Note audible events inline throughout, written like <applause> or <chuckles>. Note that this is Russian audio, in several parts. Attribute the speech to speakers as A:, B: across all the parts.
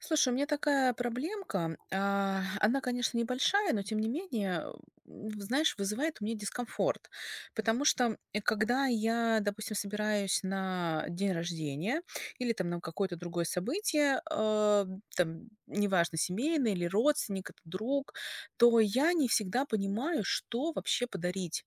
A: Слушай, у меня такая проблемка. А, она, конечно, небольшая, но, тем не менее, а, у, в знаешь, вызывает у меня дискомфорт. Потому что, м, э, когда я, допустим, собираюсь на день рождения или там на какое-то другое событие, а, там, неважно, семейное или родственник это, друг, то я не всегда понимаю, что вообще подарить.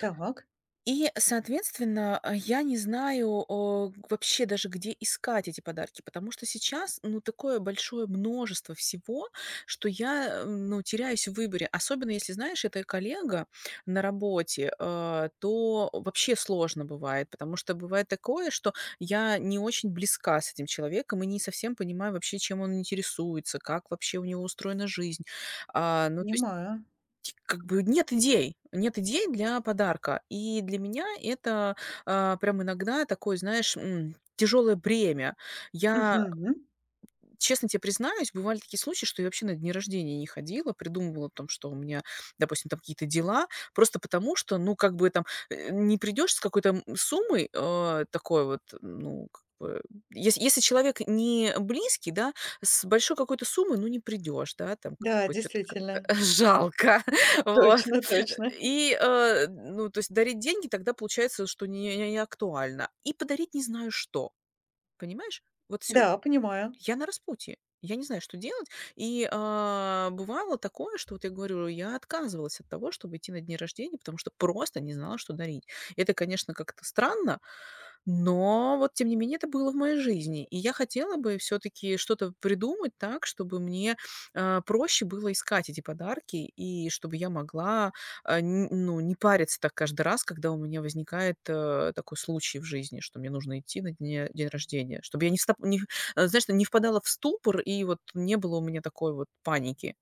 B: Так.
A: И, соответственно, а, я не знаю, о, г вообще даже где искать эти подарки. Потому что сейчас, ну, такое большое множество всего, что я, ам, ну, теряюсь в выборе. Особенно если, знаешь, это коллега на работе, а, то вообще сложно бывает. Потому что бывает такое, что я не очень близка с этим человеком и не совсем понимаю вообще, чем он интересуется, как вообще у него устроена жизнь. А, ну, то есть
B: Понимаю.
A: как бы нет идей, нет идей для подарка, и для меня это, а, прям иногда такой, знаешь, м, тяжелое бремя. Я э,
B: Мгм.
A: честно те признаюсь, бывали такие случаи, что я вообще на дни рождения не ходила. Придумывала о том, что у меня, допустим, там какие-то дела, просто потому, что, ну, как бы там, э, не придешь с какой-то м суммой, а, такой вот, ну, как бы, есь если человек не близкий, да, с большой какой-то суммой, ну, не придешь, да, там как
B: Да,
A: бы чё-то
B: действительно.
A: как-то жалко.
B: <chuckles>
A: Вот.
B: Точно точно.
A: И, а, д ну, то есть дарить деньги тогда получается, что не не актуально. И подарить не знаю что. Понимаешь? Вот всё
B: Да, понимаю.
A: Я на распутье. Я не знаю, что делать. И, а, бывало такое, что вот я говорю, я отказывалась от того, чтоб идти на дни рождения, потому что просто не знала, что дарить. Это, конечно, как-то странно. Но вот, тем не менее, это было в моей жизни, и я хотела бы всё-таки что-то придумать так, чтобы мне, а, проще было искать эти подарки и чтобы я могла, а, нь ну, не париться так каждый раз, когда у меня возникает, а, такой случай в жизни, что мне нужно идти на дне день рождение, чтобы я не стап не, а, знаешь, ну, не впадала в ступор. И вот не было у меня такой вот паники.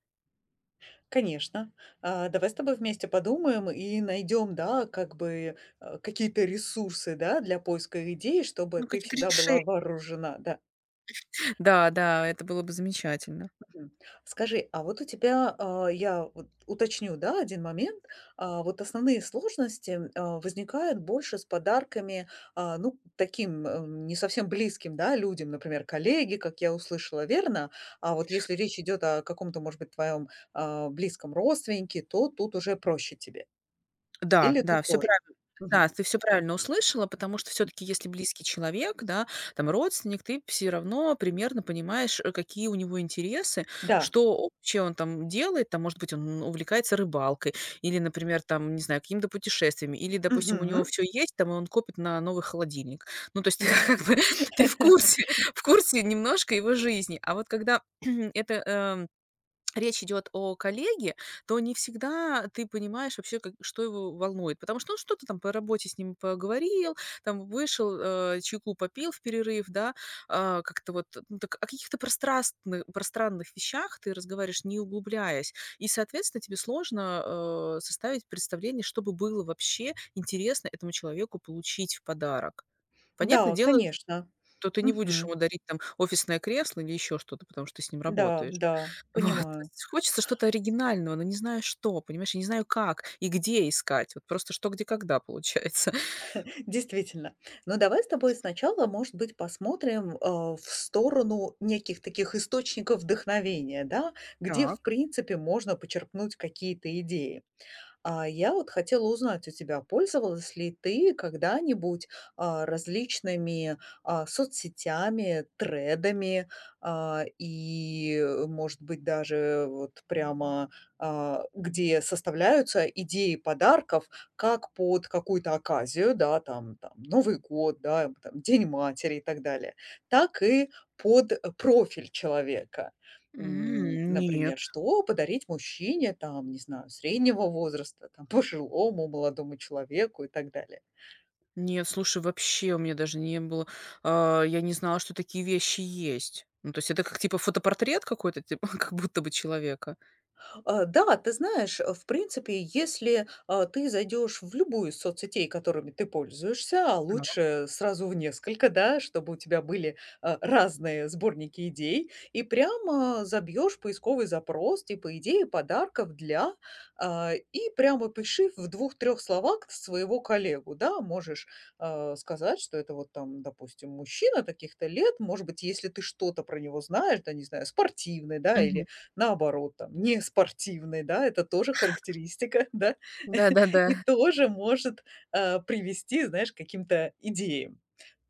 B: Конечно. А, давай с тобой вместе подумаем и найдём, да, как бы, а, какие-то ресурсы, да, для поиска идей, и чтобы
A: Ну,
B: ты
A: какие-то
B: всегда
A: решень
B: была вооружена, да.
A: <chuckles> Да-да, это было бы замечательно.
B: Мгм. Скажи, а вот у тебя, а, я вот уточню, да, 1 момент. А, вот основные сложности, м а, возникают больше с подарками, а, ну, таким, ам, не совсем близким, да, людям, например, коллеги, как я услышала, верно? А вот если речь идёт о каком-то, может быть, твоём, а, близком родственнике, то тут уже проще тебе?
A: Да,
B: Или тут
A: да, всё
B: тоже?
A: прави
B: Мгм.
A: да, ты всё правильно услышала. Потому что всё-таки, если близкий человек, да, там родственник, ты всё равно примерно понимаешь, э, какие у него интересы,
B: Да.
A: что вообще он он там делает. Там, может быть, он увлекается рыбалкой или, например, там, не знаю, какими-то путешествиями, или, допустим, у него
B: Мгм.
A: всё есть, там, и он копит на новый холодильник. Ну, то есть, ты,
B: Да.
A: как бы, ты в
B: <laughs>
A: курсе в курсе немножко его жизни. А вот когда <clears throat> эта, эм, речь идёт о коллеге, то не всегда ты понимаешь вообще, как и что его волнует. Потому что он что-то там по работе с ним поговорил, там, вышел, а, чайку попил в перерыв, да? А, как-то вот, ну, так о каких-то прострастны пространных вещах ты разговариваешь, не углубляясь, и, соответственно, тебе сложно, а, составить представление, что бы было вообще интересно этому человеку получить в подарок.
B: Да,
A: Понятно
B: вот,
A: дело, ч
B: конечно.
A: то ты не будешь ему
B: Мгм.
A: дарить там офисное кресло или ещё что-то, потому что ты с ним
B: Н-да,
A: работаешь.
B: да,
A: Вот, <exhales> то
B: понимаю.
A: есть, хочется что-то оригинального, но не знаешь, что. Понимаешь, я не знаю, как и где искать. Вот просто "Что? Где? Когда?" Получается.
B: <chuckles> Действительно. Ну, давай с тобой сначала, может быть, посмотрим, а, в сторону неких таких источников вдохновения, да, где в
A: Так.
B: принципе можно почерпнуть какие-то идеи. А, я вот хотела узнать у тебя, пользовалась ли ты когда-нибудь, а, различными, а, соцсетями, тредами, а, и, э, может быть, даже вот прямо, а, где составляются идеи подарков как под какую-то оказию, да, там там: Новый год, да, эм, там, День матери и так далее. Так и под профиль человека. М,
A: М, нет.
B: например, что подарить мужчине, там, не знаю, среднего возраста, там, пожилому, молодому человеку и так далее.
A: Нет, слушай, вообще у меня даже не было а, я не знала, что такие вещи есть. Ну, то есть это как, типа, фотопортрет какой-то, <chuckles> типа, как будто бы человека?
B: А, да, ты знаешь, а, в принципе, если, а, ты зайдёшь в любую из соцсетей, которыми ты пользуешься, а
A: Так.
B: лучше сразу в несколько, да, чтобы у тебя были, а, разные сборники идей, и прямо забьёшь поисковый запрос, типа, "идеи подарков для", а, и прямо опиши в 2-3 словах своего коллегу, да. Можешь, а, сказать, что это вот, там, допустим, мужчина таких-то лет. Может быть, если ты что-то про него знаешь, да, не знаю, спортивный, да,
A: Мгм.
B: или, наоборот, там, неспортивный, да, это тоже
A: Ха.
B: характеристика, <chuckles> да.
A: Да-да-да.
B: И тоже может, а, привести, знаешь, к каким-то идеям.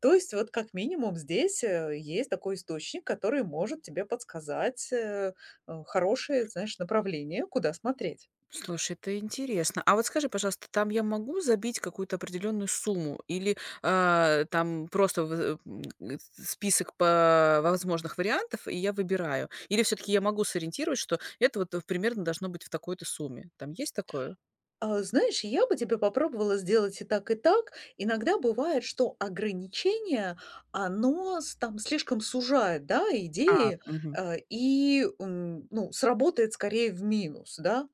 B: То есть вот как минимум здесь, э, есть такой источник, который может тебе подсказать, э, а, хорошее, знаешь, направление, куда смотреть.
A: Слушай, это интересно. А вот скажи, пожалуйста, там я могу забить какую-то определенную сумму или, а, э, там просто вызы м этот список по возможных вариантов, и я выбираю. Или всё-таки я могу сориентировать, что это вот в примерно должно быть в такой-то сумме. Там есть такое?
B: А, знаешь, я бы тебе попробовала сделать и так, и так. Иногда бывает, что ограничение, оно с там слишком сужает, да,
A: А,
B: идеи,
A: мгм.
B: а, и, м, ну, сработает скорее в минус, да.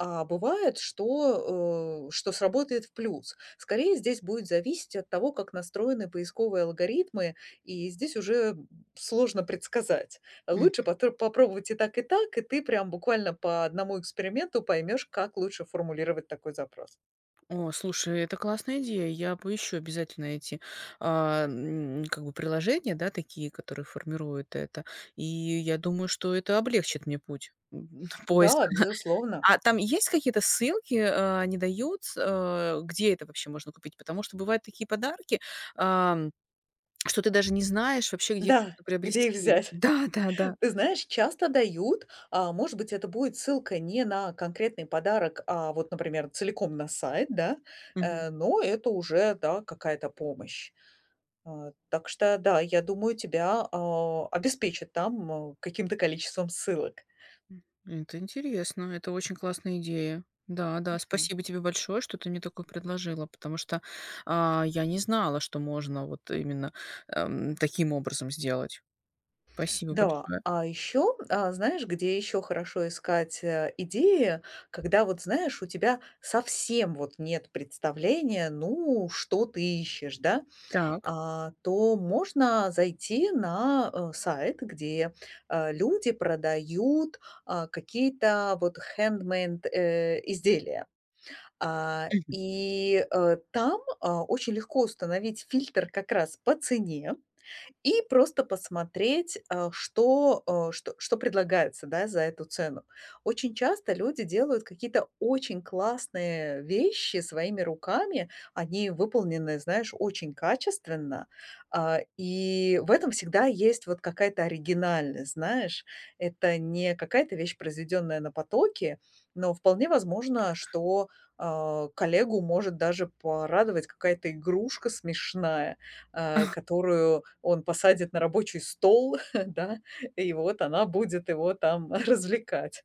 B: А бывает, что, о, что сработает в плюс. Скорее, здесь будет зависеть от того, как настроены поисковые алгоритмы. И здесь уже, м, сложно предсказать. А
A: Мгм.
B: лучше потр попробовать и так, и так. И ты прям буквально по 1 эксперименту поймёшь, как лучше формулировать такой запрос.
A: О, слушай, это классная идея. Я поищу обязательно эти, а, м, как бы приложения, да, такие, которые формируют это. И я думаю, что это облегчит мне путь, м, поиск,
B: Да,
A: да.
B: безусловно.
A: А там есть какие-то ссылки, э, они дают с э, где это вообще можно купить? Потому что бывают такие подарки, а, что ты даже не знаешь вообще, где их
B: Да.
A: можно
B: Где их
A: приобрести.
B: взять?
A: Да, да, да.
B: Ты знаешь, часто дают, а, может быть, это будет ссылка не на конкретный подарок, а вот, например, целиком на сайт, да?
A: Мгм.
B: Э, но это уже, да, какая-то помощь. Э, так что да, я думаю, тебя, а, обеспечат там, э, каким-то количеством ссылок.
A: М. Это интересно. Это очень классная идея. Да, да.
B: Мгм.
A: Спасибо тебе большое, что ты мне такое предложила, потому что, а, я не знала, что можно вот именно, эм, таким образом сделать. Спасибо
B: Да.
A: большое.
B: А еще, а, знаешь, где еще хорошо искать, э, идеи, когда вот знаешь, у тебя совсем вот нет представления, ну, что ты ищешь, да,
A: Так.
B: а, то можно зайти на, э, сайт, где, э, люди продают, а, какие-то вот хендмейд, э, изделия. А,
A: Мгм.
B: и, э, там, а, очень легко установить фильтр как раз по цене и просто посмотреть, а, что, э, что что предлагается, да, за эту цену. Очень часто люди делают какие-то очень классные вещи своими руками. Они выполнены, знаешь, очень качественно. А, и в этом всегда есть вот какая-то оригинальность, знаешь. Это не какая-то вещь, произведённая на потоке. Но вполне возможно, что, а, коллегу может даже порадовать какая-то игрушка смешная, э,
A: <chuckles>
B: которую он посадит на рабочий стол, <chuckles> да, и вот она будет его там <chuckles> развлекать.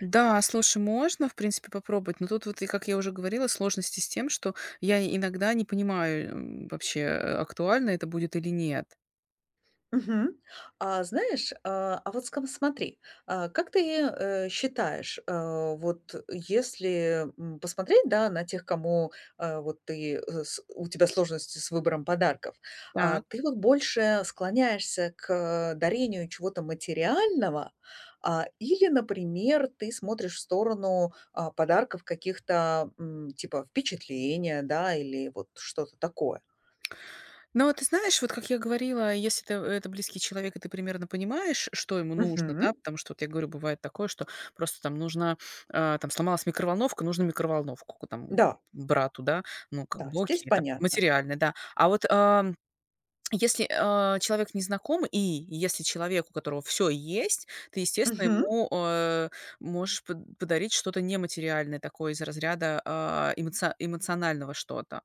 A: Да. Слушай, можно, в принципе ,попробовать, но тут вот, и как я уже говорила, сложности с тем, что я иногда не понимаю, м, вообще актуально это будет или нет.
B: Мгм. А знаешь, а, а вот скам смотри, а как ты, э, считаешь, а вот если, м, посмотреть, да, на тех, кому, а, вот ты, э, с у тебя сложности с выбором подарков, а
A: Так.
B: ты вот больше склоняешься к, а, дарению чего-то материального, а, или, например, ты смотришь в сторону, а, подарков каких-то, м, типа впечатления, да, или вот что-то такое?
A: Ну, вот ты знаешь, вот как я говорила, если это, э, это близкий человек, и ты примерно понимаешь, что ему нужно, да?
B: Мгм.
A: Потому что вот я говорю, бывает такое, что просто там нужна а, там сломалась микроволновка, нужно микроволновку ку там
B: Да.
A: брату, да? Ну, как
B: Да,
A: бы
B: здесь
A: окей, там
B: понятно.
A: материальное, да. А вот, ам, если, а, человек незнакомый и если человек, у которого всё есть, ты, естественно,
B: Мгм.
A: ему, а, можешь под подарить что-то нематериальное. Такое из разряда, а, эмоци эмоционального что-то.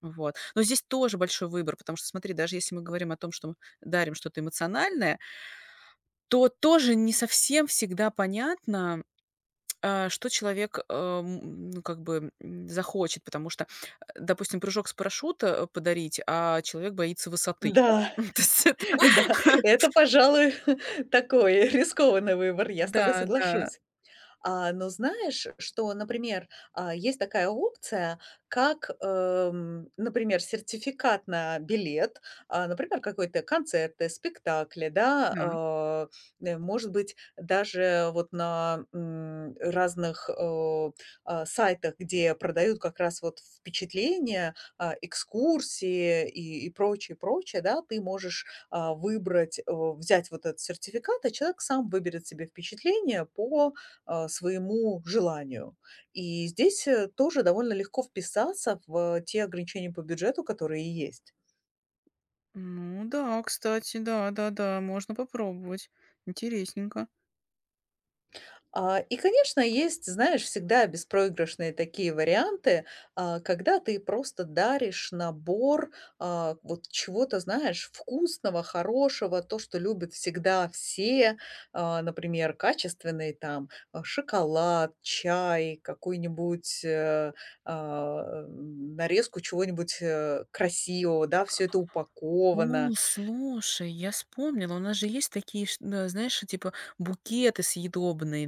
A: Вот. Но здесь тоже большой выбор, потому что смотри, даже если мы говорим о том, что, м, дарим что-то эмоциональное то тоже не совсем всегда понятно, а, что человек, а, м, ну, как бы, м, захочет. Потому что, а, допустим, прыжок с парашюта, а, подарить, а человек боится высоты, да?
B: Да,
A: Ну, то есть это.
B: <chuckles> да, это,
A: <laughs>
B: пожалуй, такой, э, рискованный выбор, я с тобой
A: Да, да.
B: соглашусь. А, но знаешь, что, например, а, есть такая опция, как, эм, например, сертификат на билет, а, например, какой-то концерты, спектакли, да.
A: Так.
B: А, э, может быть, даже вот на, м, разных, о а, сайтах, где продают как раз вот впечатления, а, экскурсии и, и прочее, и прочее, да. Ты можешь, а, выбрать, о взять вот этот сертификат, а человек сам выберет себе впечатление по, а, своему желанию. И здесь, э, тоже довольно легко вписаться в, э, те ограничения по бюджету, которые есть.
A: Ну да, кстати, да, да-да, можно попробовать. Интересненько.
B: А, и, конечно, есть, знаешь, всегда беспроигрышные такие варианты, а, когда ты просто даришь набор, а, вот чего-то, знаешь, вкусного, хорошего, то, что любят всегда все. А, например, качественный там, э, шоколад, чай, какую-нибудь, э, а, м, нарезку чего-нибудь, э, красивого, да. Всё это упаковано.
A: О, слушай, я вспомнила, у нас же есть такие, ш а, знаешь, э, типа букеты съедобные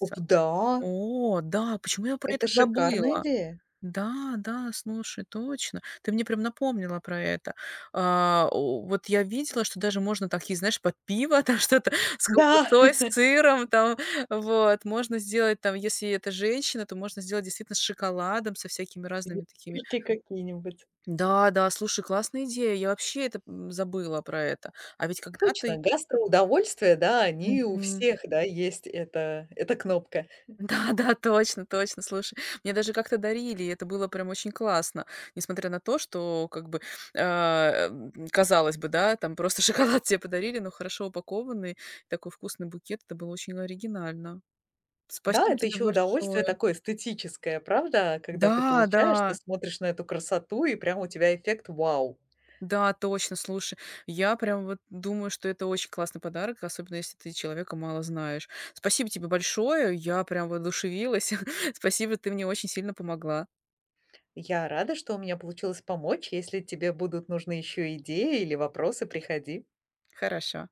B: Оп да!
A: О да! Почему я про
B: Это
A: это
B: шикарная
A: забыла?
B: идея.
A: Да, да. Слушай, точно, ты мне прям напомнила про это. А, о вот я видела, что даже можно такие, знаешь, под пиво там что-то с
B: Да!
A: колбасой, с сыром,
B: <laughs>
A: там, вот. Можно сделать там, если это женщина, то можно сделать действительно с шоколадом, со всякими
B: Или
A: разными такими.
B: книжки какие-нибудь.
A: Да, да. Слушай, классная идея. Я вообще это, м, забыла про это. А ведь когда-то
B: Точно,
A: и
B: гастроудовольствия, да, они у
A: Мгм.
B: всех, да, есть, эта эта кнопка. <chuckles>
A: Да, да, точно, точно. Слушай, мне даже как-то дарили, и это было прям очень классно, несмотря на то, что как бы, а, э, казалось бы, да, там просто шоколад те подарили, но хорошо упакованный, такой вкусный букет. Это было очень оригинально.
B: Да,
A: Спасибо
B: это
A: тебе
B: еще удовольствие
A: большое.
B: такое эстетическое, правда? Когда ты
A: Да,
B: получаешь, ты
A: да!
B: смотришь на эту красоту, и прямо у тебя эффект "вау".
A: Да, точно. Слушай, я прям вот думаю, что это очень классный подарок, особенно если ты человека мало знаешь. Спасибо тебе большое. Я прям воодушевилась. <chuckles> Спасибо. Ты мне очень сильно помогла.
B: Я рада, что у меня получилось помочь. Если тебе будут нужны еще идеи или вопросы, приходи.
A: Хорошо.